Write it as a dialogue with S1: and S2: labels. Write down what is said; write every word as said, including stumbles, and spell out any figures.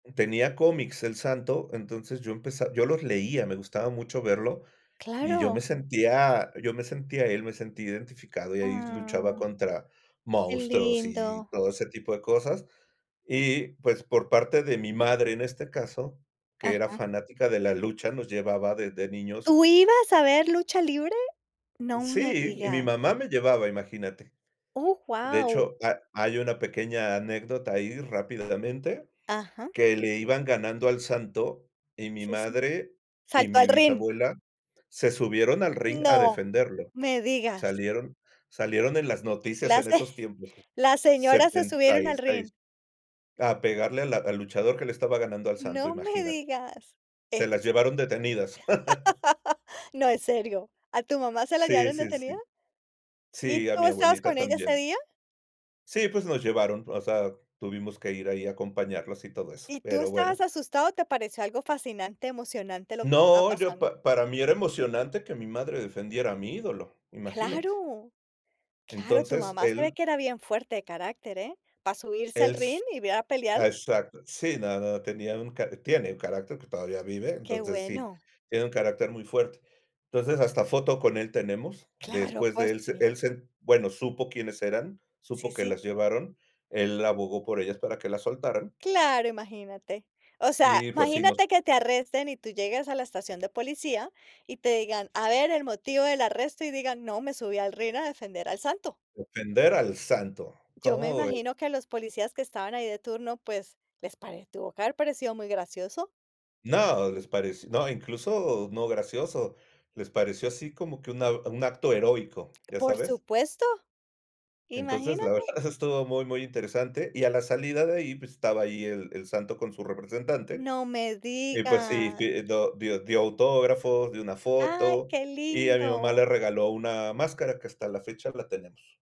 S1: Tenía cómics, El Santo, entonces yo empeza yo los leía, me gustaba mucho verlo. Y yo
S2: Claro.
S1: me sentía yo me sentía él me sentía identificado, y ahí luchaba
S2: Ah.
S1: contra
S2: Qué
S1: monstruos y
S2: lindo.
S1: todo ese tipo de cosas. Y pues, por parte de mi madre, en este caso, que era
S2: Ajá.
S1: fanática de la lucha, nos llevaba desde niños.
S2: ¿Tú ibas a ver lucha libre? No me
S1: Sí, y mi
S2: digas.
S1: mamá me llevaba, imagínate.
S2: Oh,
S1: De
S2: guau.
S1: hecho, ha hay una pequeña anécdota ahí rápidamente,
S2: Ajá.
S1: que le iban ganando al Santo, y mi
S2: Sí, sí.
S1: madre y
S2: ¿Saltó
S1: mi
S2: al rin?
S1: bisabuela se subieron al ring a
S2: ¡No!
S1: defenderlo.
S2: me digas.
S1: Salieron salieron en las noticias
S2: Las
S1: en
S2: se
S1: esos tiempos
S2: las señoras se
S1: setenta
S2: subieron
S1: y
S2: al
S1: seis.
S2: ring.
S1: A pegarle a la al luchador que le estaba ganando al Santo,
S2: No me
S1: imagínate.
S2: digas. Es
S1: Se las llevaron detenidas.
S2: No, ¿en serio? ¿A tu mamá se la
S1: Sí,
S2: llevaron
S1: sí, sí.
S2: detenida? ¿Y
S1: Sí, a
S2: tú
S1: mi
S2: estabas
S1: abuelita
S2: con ella ese
S1: también.
S2: día?
S1: Sí, pues, nos llevaron. O sea, tuvimos que ir ahí a acompañarlos y todo eso,
S2: ¿Y tú
S1: pero bueno.
S2: estabas asustado o te pareció algo fascinante, emocionante, lo que estaba
S1: No, yo
S2: pasando?
S1: pa para mí era emocionante que mi madre defendiera a mi ídolo, imagínate.
S2: Claro. Claro, tu
S1: Entonces,
S2: mamá se ve
S1: él
S2: que era bien fuerte de carácter, ¿eh?, para subirse al
S1: Es
S2: rin. y ve a pelear.
S1: exacto. Sí, no, no, tenía un ca tiene un carácter que todavía vive,
S2: Qué
S1: entonces sí,
S2: bueno.
S1: tiene un carácter muy fuerte. Entonces, hasta foto con él tenemos,
S2: Claro,
S1: después
S2: pues
S1: de él se
S2: sí.
S1: él se bueno, supo quiénes eran,
S2: Sí,
S1: supo que
S2: sí.
S1: las llevaron, él abogó por ellas para que las soltaran.
S2: Claro, imagínate. O sea,
S1: Y pues sí, nos
S2: imagínate que te arresten y tú llegues a la estación de policía, y te digan: "A ver el motivo del arresto", y digan: "No, me subí al ring a defender al Santo".
S1: Defender al Santo,
S2: Yo me
S1: ¿cómo ves?
S2: imagino que a los policías que estaban ahí de turno, pues, les pare tuvo que haber parecido muy gracioso.
S1: No, les pareció no, incluso, no gracioso, les pareció así como que un ao acto heroico, ¿ya
S2: Por
S1: sabes?
S2: supuesto,
S1: Entonces, la
S2: imagínate.
S1: verdad eso estuvo muy, muy interesante, y a la salida de ahí, pues, estaba ahí el El Santo con su representante.
S2: No me
S1: Y pues sí
S2: digas.
S1: sí do dio dio autógrafos, dio una
S2: Ay,
S1: foto,
S2: qué
S1: y a mi mamá
S2: lindo.
S1: le regaló una máscara, que hasta la fecha la tenemos.